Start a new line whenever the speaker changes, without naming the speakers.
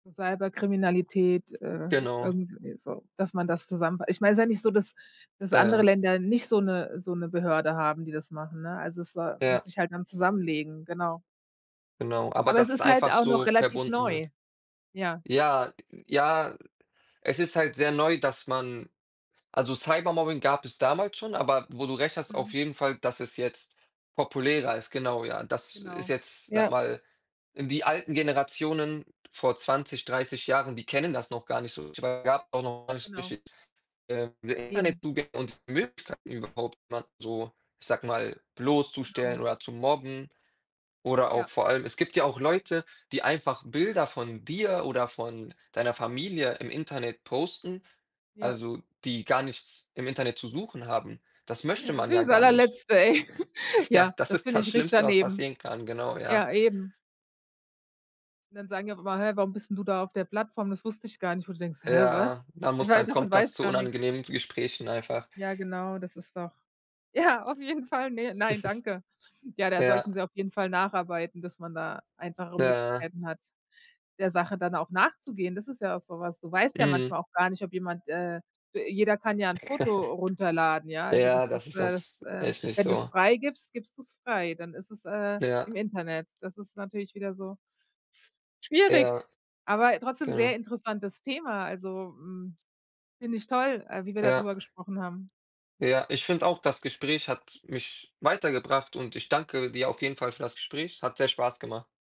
Cyberkriminalität, äh,
Genau.
irgendwie so, dass man das zusammen ich meine, ist ja nicht so, dass dass andere
Ja.
Länder nicht so 'ne so 'ne Behörde haben, die das machen, ne? Also, es, äh, muss
Ja.
sich halt dann zusammenlegen, genau.
Genau, aber
Aber es
dass es
ist halt
einfach
auch noch
so
relativ
verbunden
neu.
wird.
Ja.
Ja, g ja, es ist halt sehr neu, dass man also, Cybermobbing gab es damals schon, aber wo du recht hast auf
Mhm.
jeden Fall, dass es jetzt populärer ist, genau, ja. Das
Genau,
ist jetzt, sage
ja.
mal, äh, die alten Generationen vor 20, 30 Jahren, die kennen das noch gar nicht so. Es gab auch noch gar nicht
Genau.
richtig, äh,
Eben.
Internetzugänge und Möglichkeiten, überhaupt mal so, ich sage mal, bloßzustellen
Genau.
oder zu mobben. Oder
Ja.
auch vor allem es gibt ja auch Leute, die einfach Bilder von dir oder von deiner Familie im Internet posten,
Ja.
also, die gar nichts im Internet zu suchen haben. Das
Ja,
möchte
das
man
finde
ja
ich das
gar nicht.
Allerletzte, ey.
Ja,
Ja,
das
das
ist
finde
das
ich richtig
Schlimmste, was
daneben.
passieren kann, genau, ja.
Ja, eben. Und dann sagen die auch immer: „Hä, warum bist 'n du da auf der Plattform? Das wusste ich gar nicht.“ Wo du denkst: „Hä, was?
Ja, da muss
Wei
dann
davon
kommt
weiß
das
ich
zu
gar nix.“
unangenehmen zu Gesprächen einfach.
Ja, genau, das ist doch ja, auf jeden Fall. Ne, nein, danke. Ja, da
Ja.
sollten sie auf jeden Fall nacharbeiten, dass man da einfachere
Ja.
Möglichkeiten hat, der Sache dann auch nachzugehen. Das ist ja auch so was, du weißt ja
Mhm.
manchmal auch gar nicht, ob jemand, äh, jeder kann ja 'n Foto runterladen, ja. Also,
Ja,
das ist,
das ist
äh das,
das
äh
echt nicht
wenn du's
so.
freigibst, gibst du's frei, dann ist es, äh,
Ja.
im Internet. Das ist natürlich wieder so schwierig,
Ja.
aber trotzdem sehr
Genau.
interessantes Thema. Also, hm, finde ich toll, äh, wie wir
Ja.
dadrüber gesprochen haben.
Ja, ich finde auch, das Gespräch hat mich weitergebracht und ich danke dir auf jeden Fall für das Gespräch. Hat sehr Spaß gemacht.